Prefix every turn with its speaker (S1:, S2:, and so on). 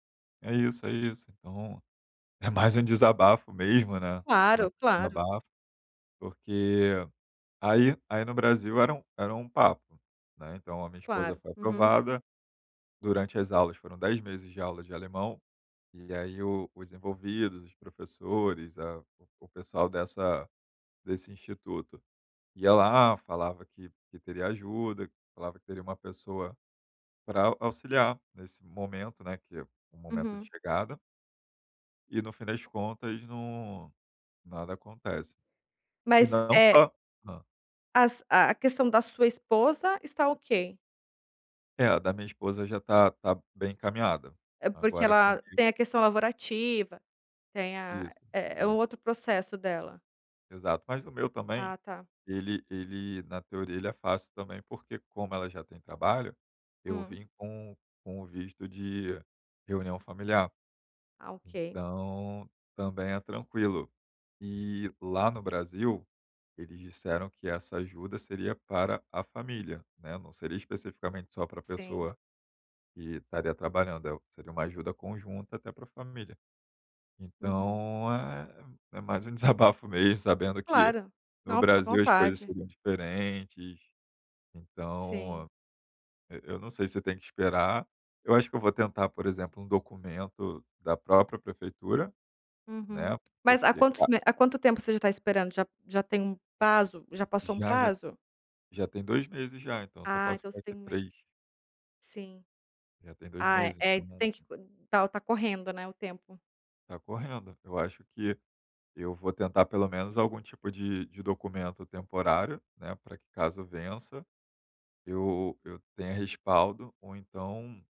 S1: É isso, é isso. Então, é mais um desabafo mesmo, né. Mais
S2: Claro,
S1: um
S2: claro.
S1: desabafo, porque aí aí no Brasil era um era um papo, né. Então, a minha esposa
S2: Claro.
S1: foi
S2: Uhum.
S1: aprovada. Durante as aulas foram 10 meses de aula de alemão. E aí o os envolvidos, os professores, a o o pessoal dessa desse instituto, ia lá, falava que que teria ajuda, falava que teria uma pessoa pra auxiliar nesse momento, né, que o momento de
S2: Uhum.
S1: chegada. E no fim das contas não nada acontece. E
S2: Mas,
S1: não
S2: eh
S1: só Hã.
S2: As a a questão da sua esposa está ok?
S1: É, a da minha esposa já tá tá bem encaminhada,
S2: É porque
S1: agora
S2: ela
S1: comigo
S2: tem a questão laborativa, tem a
S1: Isso,
S2: É é um
S1: isso.
S2: outro processo o dela?
S1: Exato. Mas o meu também,
S2: Ah, tá.
S1: ele ele na teoria ele é fácil também, porque como ela já tem trabalho, eu
S2: Hum.
S1: vim com com o visto de reunião familiar.
S2: Ah, ok.
S1: Então, também é tranquilo. E lá no Brasil, eles disseram que essa ajuda seria para a família, né. Não seria especificamente só para a
S2: Sim.
S1: pessoa que estaria trabalhando, eh, o seria uma ajuda conjunta até para a família.
S2: Uhum.
S1: Então, é é mais um desabafo mesmo, sabendo que
S2: Claro.
S1: no
S2: Não, fica à
S1: Brasil as coisas
S2: vontade.
S1: seriam diferentes. Então,
S2: Sim.
S1: e eu não sei se tem que esperar. Eu acho que eu vou tentar, por exemplo, um documento da própria prefeitura,
S2: Uhum.
S1: né.
S2: Mas há
S1: Porque,
S2: quantos
S1: ca
S2: me Há quanto tempo você já tá esperando? Já já tem um prazo? Já passou um
S1: Já, já
S2: prazo?
S1: Já tem 2 meses já, então eu só
S2: Ah,
S1: posso
S2: então você
S1: ficar
S2: tem
S1: aqui
S2: 1 mês?
S1: 3.
S2: Sim.
S1: Já tem 2
S2: Ah, é,
S1: meses,
S2: é.
S1: então
S2: Tem que co tá o tá correndo, né, o tempo.
S1: Tá correndo. Eu acho que eu vou tentar pelo menos algum tipo de de documento temporário, né, pra que caso vença, eu eu tenha respaldo ou então